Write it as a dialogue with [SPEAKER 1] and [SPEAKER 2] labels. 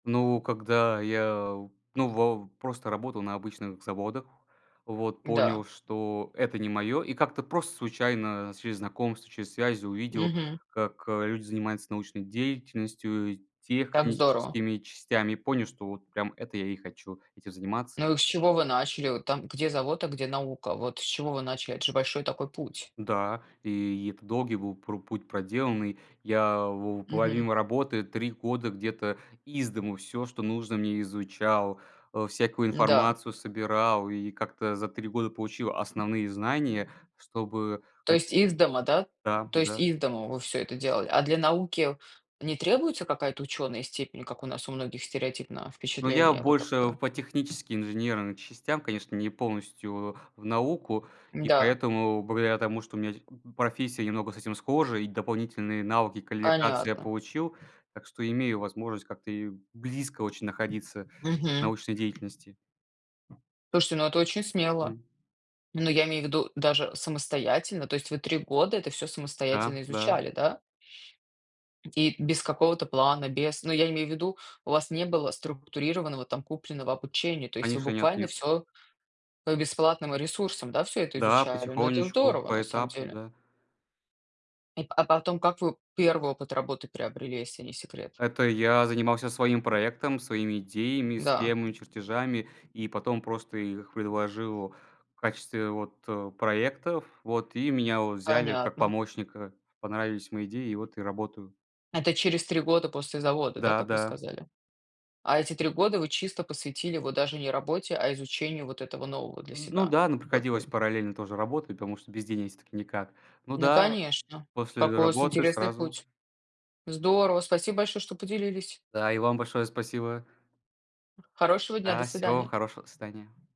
[SPEAKER 1] Ну, когда я ну, вав просто работал на обычных заводах, вот.
[SPEAKER 2] Да.
[SPEAKER 1] Понял, что это не мое. И как-то просто случайно через знакомств, через связи, увидел,
[SPEAKER 2] Мгм.
[SPEAKER 1] как люди занимаются научной деятельностью,
[SPEAKER 2] Так здорово.
[SPEAKER 1] техническими частями. И понял, что вот прям это я и хочу, этим заниматься.
[SPEAKER 2] Ну, и с чего вы начали? Вот, там, где завод, а где наука? Вот с чего вы начали? Это же большой такой путь.
[SPEAKER 1] Да, и это долгий был про путь проделанный. Я вов
[SPEAKER 2] Мгм.
[SPEAKER 1] помимо работы 3 года где-то из дому всё, что нужно мне изучал. Э, всякую
[SPEAKER 2] Да.
[SPEAKER 1] информацию собирал и как-то за 3 года получил основные знания, чтобы
[SPEAKER 2] То
[SPEAKER 1] ать.
[SPEAKER 2] есть из дома, да
[SPEAKER 1] Да,
[SPEAKER 2] то есть
[SPEAKER 1] да.
[SPEAKER 2] из дома вы всё это делали? А для науки не требуется какая-то ученая степень как у нас у многих стереотипно
[SPEAKER 1] Но я
[SPEAKER 2] впечатления вот
[SPEAKER 1] больше
[SPEAKER 2] такое?
[SPEAKER 1] по технически, инженерным частям, конечно, не полностью в в науку. И
[SPEAKER 2] Да.
[SPEAKER 1] поэтому, благодаря тому, что у меня те э э профессия немного с этим схожа и дополнительные навыки и квалификации я
[SPEAKER 2] Понятно.
[SPEAKER 1] получил. Так что имею возможность как-то ею близко очень находиться в
[SPEAKER 2] Мгм.
[SPEAKER 1] научной деятельности.
[SPEAKER 2] Слушайте, но это очень смело.
[SPEAKER 1] Мгм.
[SPEAKER 2] Но я имею ввиду даже самостоятельно, то есть вы 3 года это всё
[SPEAKER 1] Да.
[SPEAKER 2] самостоятельно
[SPEAKER 1] Да.
[SPEAKER 2] изучали, да? И без какого-то плана. Без но я имею ввиду у вас не было структурированного, там, купленного обучения, то есть вы
[SPEAKER 1] Конечно,
[SPEAKER 2] буквально
[SPEAKER 1] нет-нет.
[SPEAKER 2] всё по бесплатным ресурсам, да, всё это
[SPEAKER 1] Да,
[SPEAKER 2] изучали? Но это
[SPEAKER 1] потихонечку,
[SPEAKER 2] здорово на
[SPEAKER 1] по
[SPEAKER 2] самом
[SPEAKER 1] этапу.
[SPEAKER 2] деле.
[SPEAKER 1] Да.
[SPEAKER 2] И. А потом, как вы 1 опыт работы приобрели, если не секрет?
[SPEAKER 1] Это я занимался своим проектом, своими идеями,
[SPEAKER 2] Да.
[SPEAKER 1] схемами, чертежами и потом просто их предложил в качестве вот, э, проектов. Вот. И меня вот взяли как
[SPEAKER 2] Понятно.
[SPEAKER 1] помощника. Понравились мои идеи, и вот я работаю.
[SPEAKER 2] Это через 3 года после завода, да,
[SPEAKER 1] Да,
[SPEAKER 2] как вы
[SPEAKER 1] да.
[SPEAKER 2] сказали? А эти 3 года вы чисто посвятили его даже не работе, а изучению вот этого нового для
[SPEAKER 1] Э, ну
[SPEAKER 2] себя?
[SPEAKER 1] да. Ну,
[SPEAKER 2] Вот вы
[SPEAKER 1] приходилось параллельно тоже работать, потому что без денег всё-таки никак. Ну
[SPEAKER 2] Ну,
[SPEAKER 1] да,
[SPEAKER 2] конечно,
[SPEAKER 1] после
[SPEAKER 2] какой у вас
[SPEAKER 1] работы
[SPEAKER 2] интересный
[SPEAKER 1] сразу.
[SPEAKER 2] путь. Здорово, спасибо большое, что поделились.
[SPEAKER 1] Да, и вам большое спасибо.
[SPEAKER 2] Хорошего дня, до
[SPEAKER 1] Да. Всего вам
[SPEAKER 2] свидания.
[SPEAKER 1] хорошего. До свидания.